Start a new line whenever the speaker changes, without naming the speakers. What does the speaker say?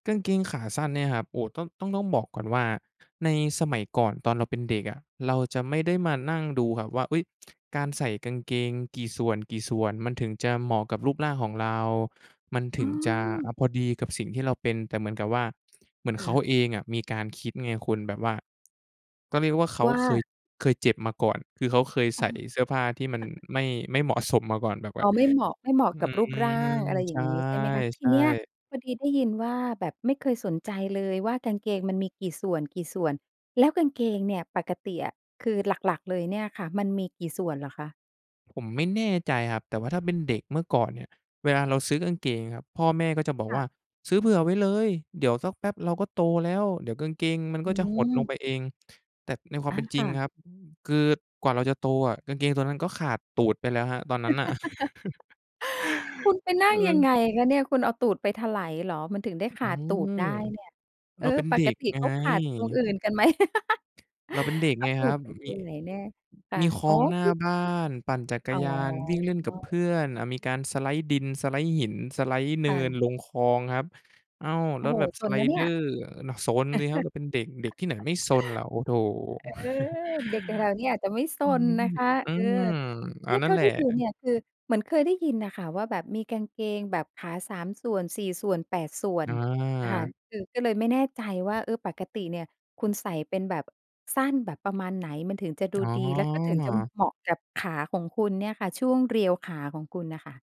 กางเกงขาสั้นเนี่ยนะครับ โอ้ ต้อง ต้อง ต้องบอกก่อนว่า ในสมัยก่อนตอนเราเป็นเด็กอะ เราจะไม่ได้มานั่งดูครับว่า เฮ้ย การใส่กางเกงกี่ส่วน ๆ มันถึงจะเหมาะกับรูปร่างของเรา มันถ
เ
ึงจะ อ
ออ
า พอดีกับสิ่งที่เราเป็น แต่เหมือนกับว่า เหมือน
ค
เข
่
า
ะ
เองอะมีการคิดไงคุณ แบบว่า ก็เรียกว่าเขา
ว่
เคย
า?
เคยเจ็บมาก่อน คือเขาเคย
อ
ใ
๋
ส
อ
่เสื้อผ้าที่มันไม่ ไม่เหมาะสมมาก่อน แบบ
อ
ว่
๋
า
อ ไม่เหมาะ ไม่เหมาะ
อื
กับรูปร่า
ม
ง อะไรอย
ใช
่างงี้ใช่ไหมคะ? ที
่
เนี้ย
ๆ
พอดีได้ยินว่า แบบไม่เคยสนใจเลยว่า กางเกงมันมีกี่ส่วน ๆ แล้วกางเกงเนี่ยปกติอะ คือหลัก ๆ เลยเนี่ยค่ะมันมีกี่ส่วนเหรอคะ?
ผมไม่แน่ใจครับ แต่ว่าถ้าเป็นเด็กเมื่อก่อนเนี่ย เวลาเราซื้อกางเกงครับ พ่อแม่ก็จะบอก
ค่
ว่
ะ
า "ซื้อเผื่อไว้เลย เดี๋ยวสักแป๊บเราก็โตแล้ว เดี๋ยวกางเกงมัน
อ
ก
ื
็จะหดล
ม
งไปเอง" แต่ในความ
อ
เป
า
็นจ
ค
ริง
่ะ
ครับ อืม คือกว่าเราจะโตอะกางเกงตัวนั้นก็ขาดตูดไปแล้วครับ ตอนนั้นน่ะ
คุณไปนั
เ
่งยัง
ออ
ไงคะเนี่ย? คุณเอาตูดไปไถลเหรอ? มันถึงได้
อ
ข
อ้
า
าว
ดตูดได้เนี่ย เ
เ
อ
ร
อ
าเป็น
ป
เด็
ก
ก
ติ
ไง
เขาขาดตรงอื่นกันไหม?
เราเป็นเด็ก
เอ
ไง
าตู
ครั
ด
บ
ไปไ
ม
ถ
ี
ล
อ
แน่
ือ
ค่ะ
มีคล
อ
อ
๋อ
งหน้า
กึ๊ก
บ้าน ปั่นจัก
อ
ร
๋อ
ยาน วิ่ง เล่นกับเพื่อน อา มีการ สไลด์ ดิน สไลด์ หิน สไลด์ เ
ค
นิ
่
น
ะ
ลงคลองครับ อ้าว แ
โอ
ล้
้
ว
โฮ!
แบบ
ซ
ส
น
ไล
นะเน
เ
ี
ด
่
อ
ย
ร์ เน่าะ ซนสิครับ เราเป็นเด็ก เด็กที่ไหนไม่ซนล่ะ โอ้ โถ่
อ เออ เด็กอย่างเราเนี่ยอาจจะไม่ซ
อื
น
อ
นะคะ
อื
เออ
ม
เ
อ
นี
า
่ย
น
เ
ั
ท
่
่
น
า
แหล
ท
ะ
ี่ดูเนี่ยคือเหมือนเคยได้ยินน่ะค่ะว่า แบบมีกางเกงแบบขา 3 ส่วน 4 ส่วน 8 ส่วน
อ
อะค่ะ
า
คือก็เลยไม่แน่ใจว่า เออ ปกติเนี่ยคุณใส่เป็นแบบ สั้นแบบประมาณไหน? มันถึงจะดู
อ๋อ
ดี แล้วก็ถึงจะเหมาะกับขาของคุณเนี่ยค่ะ ช่วงเรียวขาของคุณน่ะค่ะ